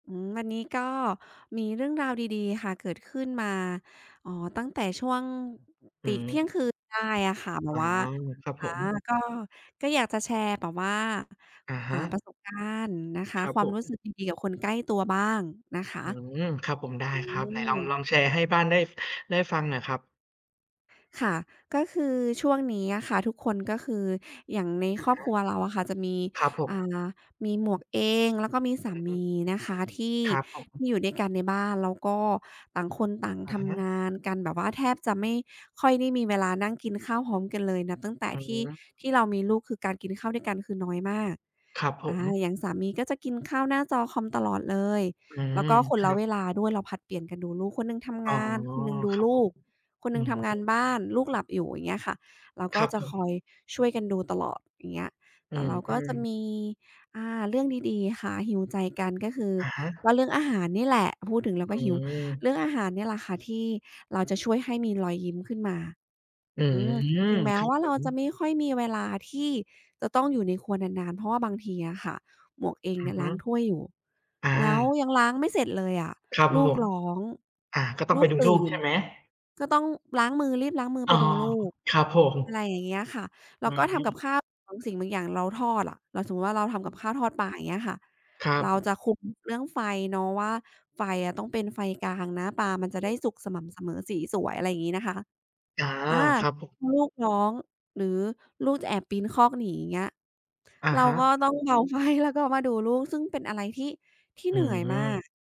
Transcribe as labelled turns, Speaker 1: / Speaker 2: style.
Speaker 1: อืม วันนี้ก็มีเรื่องราวดี ๆ ค่ะ เกิดขึ้นมา อ๋อ ตั้งแต่ช่วง
Speaker 2: อ
Speaker 1: ต
Speaker 2: ื
Speaker 1: ิ
Speaker 2: ม
Speaker 1: เที่ยงคืนได้อะค่ะ แบ
Speaker 2: อ๋
Speaker 1: บ
Speaker 2: อ
Speaker 1: ว่า
Speaker 2: ครับ
Speaker 1: อ
Speaker 2: ผ
Speaker 1: า
Speaker 2: ม
Speaker 1: ก็ ก็อยากจะแชร์แบบว่า
Speaker 2: อะฮ
Speaker 1: อ่า
Speaker 2: ะ
Speaker 1: ประสบการณ์นะค
Speaker 2: ค
Speaker 1: ะ
Speaker 2: รับ
Speaker 1: คว
Speaker 2: ผ
Speaker 1: ามรู้ส
Speaker 2: ม
Speaker 1: ึกดี ๆ กับคนใกล้ตัวบ้างนะคะ
Speaker 2: อื้อฮือ ครับผม ได้
Speaker 1: อื
Speaker 2: ครับ ไหน
Speaker 1: ม
Speaker 2: ลอง ลองแชร์ให้บ้านได้ ได้ฟังหน่อยครับ
Speaker 1: ค่ะ ก็คือช่วงนี้อะค่ะ ทุกคน ก็คืออย่างใน
Speaker 2: อะ
Speaker 1: ครอ
Speaker 2: ฮ
Speaker 1: บคร
Speaker 2: ะ
Speaker 1: ัวเราอะค่ะ จะมี
Speaker 2: ครับผ
Speaker 1: อ่
Speaker 2: ม
Speaker 1: า มีหมวกเอง แล้วก็มีสา
Speaker 2: อ
Speaker 1: ม
Speaker 2: ืม
Speaker 1: ีนะคะ ที่
Speaker 2: ครับผ
Speaker 1: ท
Speaker 2: ม
Speaker 1: ี่อยู่ด้วยกันในบ้าน แล้วก็ต่างคนต่าง
Speaker 2: อะ
Speaker 1: ท
Speaker 2: ฮ
Speaker 1: ำ
Speaker 2: ะ
Speaker 1: งานกัน แบบว่าแทบจะไม่ค่อยได้มีเวลานั่งกินข้าวพร้อมกันเลย นับตั้งแต่
Speaker 2: อื
Speaker 1: ที่
Speaker 2: ม
Speaker 1: ที่เรามีลูก คือการกินข้าวด้วยกันคือน้อยมาก
Speaker 2: ครับผ
Speaker 1: อา
Speaker 2: ม
Speaker 1: อย่างสามีก็จะกินข้าวหน้าจอคอมตลอดเลย
Speaker 2: อื
Speaker 1: แล้
Speaker 2: ม
Speaker 1: วก็ค
Speaker 2: ค
Speaker 1: น
Speaker 2: ร
Speaker 1: ละ
Speaker 2: ั
Speaker 1: เ
Speaker 2: บ
Speaker 1: วลาด้วย เราผลัดเปลี่ยนกันดูลูก คนหนึ่งท
Speaker 2: อ๋
Speaker 1: ำง
Speaker 2: อ
Speaker 1: าน คนหนึ่งดู
Speaker 2: ครับ
Speaker 1: ล
Speaker 2: ผ
Speaker 1: ู
Speaker 2: ม
Speaker 1: ก คน
Speaker 2: อ
Speaker 1: หน
Speaker 2: ื
Speaker 1: ึ่ง
Speaker 2: ม
Speaker 1: ทำง
Speaker 2: ฮ
Speaker 1: า
Speaker 2: ึ
Speaker 1: นบ้าน ลูกหลับอยู่ อย่างเงี้ยค่ะ เรา
Speaker 2: ค
Speaker 1: ก็
Speaker 2: รับ
Speaker 1: จ
Speaker 2: ผ
Speaker 1: ะค
Speaker 2: ม
Speaker 1: อยช่วยกันดูตลอด อย่างเงี้ย
Speaker 2: อ
Speaker 1: แ
Speaker 2: ื
Speaker 1: ต่เราก็จ
Speaker 2: ม
Speaker 1: ะ
Speaker 2: ๆ
Speaker 1: มี อ่า เรื่องดี ๆ ค่ะ heal ใจกัน ก็คือ
Speaker 2: อะฮะ
Speaker 1: ว่าเรื่องอาหารนี่แหละ พูดถึงแล้
Speaker 2: อ
Speaker 1: ว
Speaker 2: ื
Speaker 1: ก็หิว เรื
Speaker 2: ม
Speaker 1: ่องอาหารนี่แหละค่ะ ที่เราจะช่วยให้มีรอยยิ้มขึ้นมา
Speaker 2: อื
Speaker 1: อื
Speaker 2: ม
Speaker 1: ม ถึงแม
Speaker 2: ค
Speaker 1: ้
Speaker 2: รับ
Speaker 1: ว่า
Speaker 2: ผ
Speaker 1: เราจะ
Speaker 2: ม
Speaker 1: ไม่ค่อยมีเวลาที่จะต้องอยู่ในครัวนาน ๆ เพราะว่าบางทีอะค่ะ หมวกเอง
Speaker 2: อ
Speaker 1: เน
Speaker 2: ื
Speaker 1: ี
Speaker 2: อ
Speaker 1: ่ย
Speaker 2: ฮ
Speaker 1: ล
Speaker 2: ึ
Speaker 1: ้างถ้วยอยู่
Speaker 2: อ
Speaker 1: แล้ว
Speaker 2: า
Speaker 1: ยังล้างไม่เสร็จเลยอะ
Speaker 2: ครับผ
Speaker 1: ลูก
Speaker 2: ม
Speaker 1: ร้อง
Speaker 2: อา ก็ต้อง
Speaker 1: ล
Speaker 2: ไ
Speaker 1: ู
Speaker 2: ป
Speaker 1: ก
Speaker 2: ดู
Speaker 1: ต
Speaker 2: ลู
Speaker 1: ื
Speaker 2: ก
Speaker 1: ่
Speaker 2: ใช
Speaker 1: น
Speaker 2: ่ไหม?
Speaker 1: ก็ต้องล้างมือ รีบล้างมือ
Speaker 2: อ๋
Speaker 1: ไ
Speaker 2: อ
Speaker 1: ปดูลูก
Speaker 2: ครับผ
Speaker 1: อะไร
Speaker 2: ม
Speaker 1: อย่างเงี้ยค่ะ แล
Speaker 2: อื
Speaker 1: ้วก
Speaker 2: อ
Speaker 1: ็ท
Speaker 2: ฮ
Speaker 1: ำก
Speaker 2: ึ
Speaker 1: ับข้าว บางสิ่งบางอย่างเราทอดอะ เราสมมติว่าเราท
Speaker 2: เ
Speaker 1: ำ
Speaker 2: อ
Speaker 1: ก
Speaker 2: ๊
Speaker 1: ับ
Speaker 2: ะ!
Speaker 1: ข้าวทอดปลา อย่างเงี้ยค่ะ
Speaker 2: ครับ
Speaker 1: เรา
Speaker 2: อึบ
Speaker 1: จะคุมเรื่องไฟเนาะว่า ไฟอะต้องเป็นไฟกลางนะ ปลามันจะ
Speaker 2: อ
Speaker 1: ได
Speaker 2: ื
Speaker 1: ้
Speaker 2: ม
Speaker 1: สุกสม่ำเสมอสีสวย อะไรงี้นะคะ
Speaker 2: อา
Speaker 1: อา
Speaker 2: ครับผม
Speaker 1: ลูกร้องหรือลูกจะแอบปีนคอกหนี เงี้ย
Speaker 2: อะ
Speaker 1: เร
Speaker 2: ฮ
Speaker 1: าก็
Speaker 2: ะ
Speaker 1: ต้องเบา ไฟ แล้วก็มาดูลูก ซึ่งเป็นอะไรที่ ที่
Speaker 2: อื
Speaker 1: เหนื่อยมา
Speaker 2: ม
Speaker 1: ก